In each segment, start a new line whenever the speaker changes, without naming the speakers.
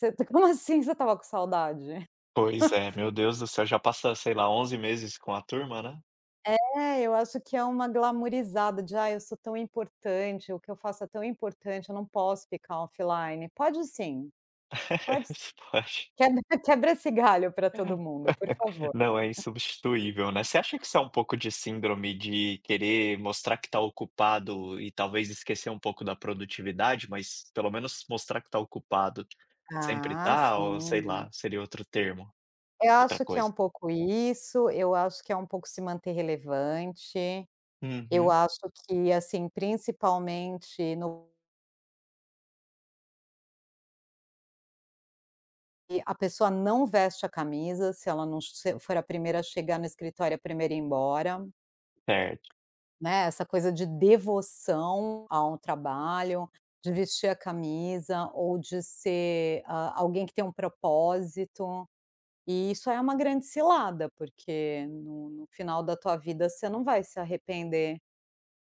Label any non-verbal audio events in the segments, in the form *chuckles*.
Você como assim que você estava com saudade?
Pois é,
*chuckles*
meu Deus do céu, já passou, sei lá, 11 meses com a turma, né?
É, eu acho que é uma glamorizada de: "Ai eu sou tão importante, o que eu faço é tão importante, eu não posso ficar offline", pode sim, pode.
*laughs* Se pode.
Quebra quebra esse galho pra todo mundo, por
*laughs*
favor.
Não é insubstituível, né. Você acha que isso é um pouco de síndrome de querer mostrar que tá ocupado e talvez esquecer um pouco da produtividade, mas pelo menos mostrar que tá ocupado, sempre
Ah,
está ou sei
sim.
lá, seria outro termo,
Eu
outra
acho que é
coisa?
um pouco isso, eu acho que é um pouco se manter relevante. Eu
Uhum.
acho que assim principalmente no E a pessoa não veste a camisa se ela não che ser for a 1ª a chegar no escritório e a 1ª a ir embora.
Certo.
Né, essa coisa de devoção ao trabalho, de vestir a camisa, ou de ser a alguém que tem um propósito. E isso é uma grande cilada porque no no final da tua vida você não vai se arrepender,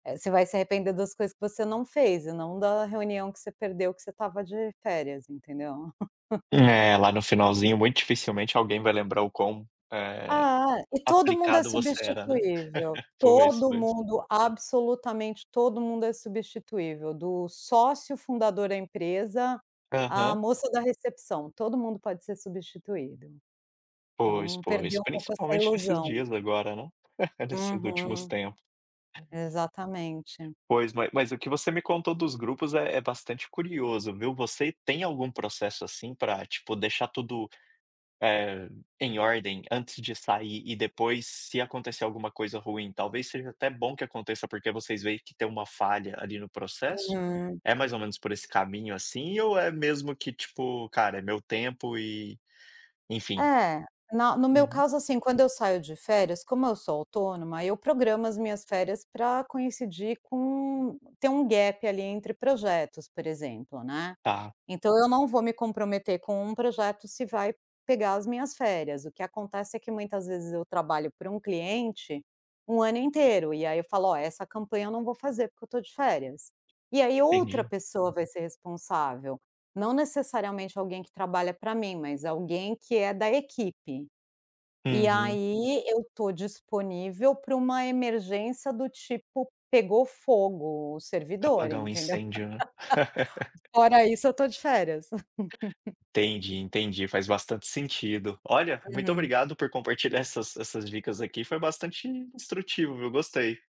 eh, você vai se arrepender das coisas que você não fez e não da reunião que você perdeu que você estava de férias, entendeu. *giggles*
É, lá no finalzinho muito dificilmente alguém vai lembrar o quão, eh,
Ah, e todo mundo é
aplicado você era, né,
substituível,
por isso
todo
mesmo.
mundo absolutamente todo mundo é substituível do sócio fundador da empresa, à
Aham.
moça da recepção, todo mundo pode ser substituído.
Pois
Então
pois,
perdeu um pouco essa
principalmente nesses
ilusão.
dias agora, né, nesses últimos
Uhum.
tempo.
Exatamente.
Pois, mas mas o que você me contou dos grupos é é bastante curioso, viu, você tem algum processo assim pra, tipo, deixar tudo, eh, em ordem antes de sair e depois se acontecer alguma coisa ruim, talvez seja até bom que aconteça, porque vocês veem que tem uma falha ali no processo.
Uhum.
É mais ou menos por esse caminho, assim, ou é mesmo que tipo, cara, é meu tempo e, enfim.
É, na no meu
Uhum.
caso, assim, quando eu saio de férias, como eu sou autônoma, eu programo as minhas férias pra coincidir com, ter um gap ali entre projetos, por exemplo, né.
Tá.
Então eu não vou me comprometer com um projeto se vai pegar as minhas férias, o que acontece é que muitas vezes eu trabalho para um cliente, um ano inteiro, e aí eu falo: "Ó, essa campanha eu não vou fazer, porque eu estou de férias". E aí outra
Entendi.
pessoa vai ser responsável, não necessariamente alguém que trabalha pra mim mas alguém que é da equipe. E
Uhum.
aí, eu estou disponível para uma emergência do tipo pegou fogo o servidor,
Apagar um
entendeu.
incêndio né.
*laughs*
*laughs*
Fora isso eu tô de férias. *laughs*
Entendi entendi, faz bastante sentido. Olha, muito
Uhum.
obrigado por compartilhar essas essas dicas aqui, foi bastante instrutivo, viu, gostei.